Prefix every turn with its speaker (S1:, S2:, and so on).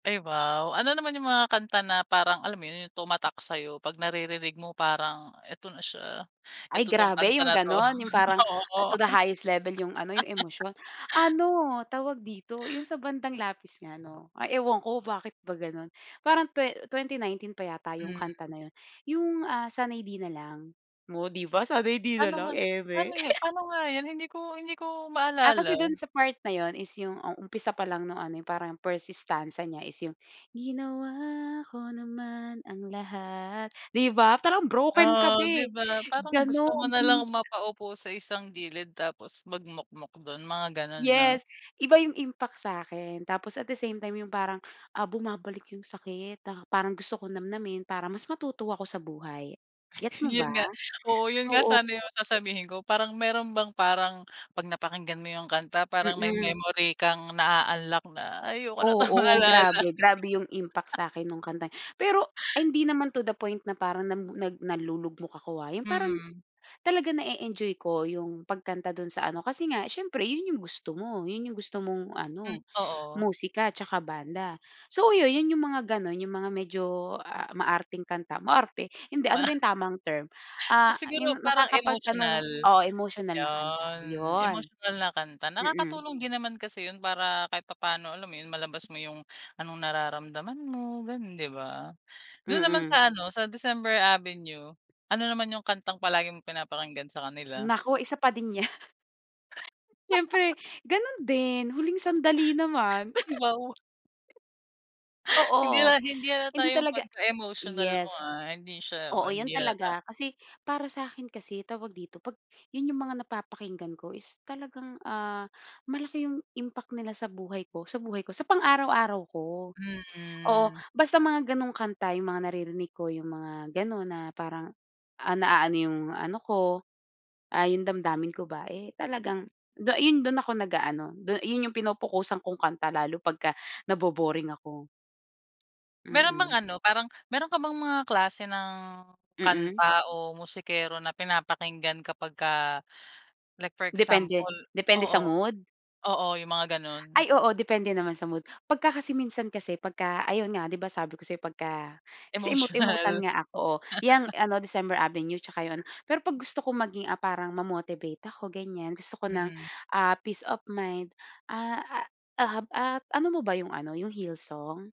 S1: Ay, wow. Ano naman 'yung mga kanta na parang alam mo 'yun, 'yung tumatak sa 'yo? 'Pag-naririnig mo, parang, "Eto na siya,
S2: Ay,
S1: eto 'to na 'tong
S2: grabe
S1: kanta
S2: 'yung
S1: na 'to"
S2: gano'n, 'yung parang
S1: Oo.
S2: to the highest level 'yung ano, 'yung emosyon. Ano, tawag dito, 'yung sa bandang Lapis nga 'no, ay ewan ko bakit ba ganun. Parang twen 2019 pa yata 'yung kanta
S1: Mhm.
S2: na 'yun. 'Yung, ah, "Sanay 'Di Na Lang." Oh, 'di ba, sanay 'di na
S1: Paano
S2: lang,
S1: nga
S2: eme.
S1: paano 'yung paano nga 'yon hindi ko hindi ko
S2: Ah, kasi
S1: maalala?
S2: do'n sa part na 'yun is yung, um, umpisa pa lang nung ano, 'yung parang first stanza niya is 'yung, "Ginawa ko naman ang lahat", 'di ba? Parang broken ka
S1: Ah, 'di
S2: be,
S1: ba, parang gusto mo
S2: gano'n
S1: nalang mapa-upo sa isang gilid tapos magmukmok do'n mga gano'n, 'no?
S2: Yes, iba 'yung impact sa akin. Tapos, at the same time 'yung parang, ah, bumabalik 'yung sakit. Ta parang gusto ko nam-namin para mas matuto ako sa buhay. Gets mo
S1: 'Yun
S2: ba?
S1: nga, oo 'yun nga
S2: Oo,
S1: sana 'yung
S2: no?
S1: sasabihin ko. Parang meron bang parang 'pag napakinggan mo 'yung kanta parang may
S2: Mm.
S1: memory kang naa-unlock na, "Ay, ayoko na 'tong
S2: Oo
S1: maalala"
S2: grabe. Grabe 'yung impact sa akin nung kantang pero ay, hindi naman to the point na parang nam nag nalulugmok ako, ha. 'Yun parang
S1: Mhm.
S2: talagang na-e-enjoy ko 'yung pagkanta dun sa ano, kasi nga siyempre 'yun 'yung gusto mo, 'yun 'yung gusto mong
S1: Hmm
S2: ano,
S1: oo.
S2: musika at 'tsaka banda. So, 'yu 'yun, 'yung mga ganon, 'yung mga medyo, ah ah, maarteng kanta, maarte. Hindi ano
S1: Ma
S2: ba 'yung tamang term, ah,
S1: Siguro
S2: 'yung
S1: parang
S2: nakakapag anong
S1: emotional.
S2: oo, emotional na kanta,
S1: 'Yon,
S2: 'yun.
S1: emotional na kanta.
S2: Mm.
S1: Nakakatulong din naman kasi 'yun para kahit papaano alam mo 'yun, malabas mo 'yung anong nararamdaman mo gano'n, 'di ba? Do'n naman
S2: Mm.
S1: sa ano, sa December Avenue, Ano naman 'yung kantang palagi mong pinapakinggan sa kanila?
S2: Naku! Isa pa din 'yan. Siyempre ganun din. "Huling Sandali" naman.
S1: Ay, wow. Hindi
S2: Oo.
S1: hal hindi nahalata
S2: Hindi
S1: 'yung
S2: talaga
S1: 'pagka-emotional mo,
S2: yes.
S1: ah, hindi siya
S2: Oo,
S1: man hindi
S2: 'yun
S1: halata.
S2: talaga. Kasi para sa akin kasi tawag dito, 'pag 'yun 'yung mga napapakinggan ko is talagang, ah, malaki 'yung impact nila sa buhay ko, sa buhay ko, sa pang-araw-araw ko. Oo,
S1: Hmm.
S2: basta mga gano'ng kanta 'yung mga naririnig ko, yung mga ganun na parang, ah, naano yung ano ko, ah, yung damdamin ko ba, eh, talagang du yun dun ako nag-aano, du yun yung pinopukosan kong kanta, lalo pagka nabo-boring ako.
S1: Meron bang
S2: Mm.
S1: ano, parang meron ka bang mga klase ng kanta
S2: Mm.
S1: o musikero na pinapakinggan kapagka like for
S2: Depende
S1: example
S2: depende sa
S1: oo.
S2: mood.
S1: Oo, 'yung mga gano'n?
S2: Ay, oo depende naman sa mood. 'Pagka kasi minsan kasi, 'pagka ayun nga, 'di ba, sabi ko sa 'yo pagka kasi emote-emote-an
S1: Emotional
S2: nga ako oh, 'yang ano, December Avenue 'tsaka 'yung ano, pero 'pag gusto ko maging, ah, parang ma-motivate ako ganyan, gusto ko ng,
S1: Mm.
S2: ah, peace of mind, ah ah ah ha at ano mo ba 'yung ano, 'yung heal song?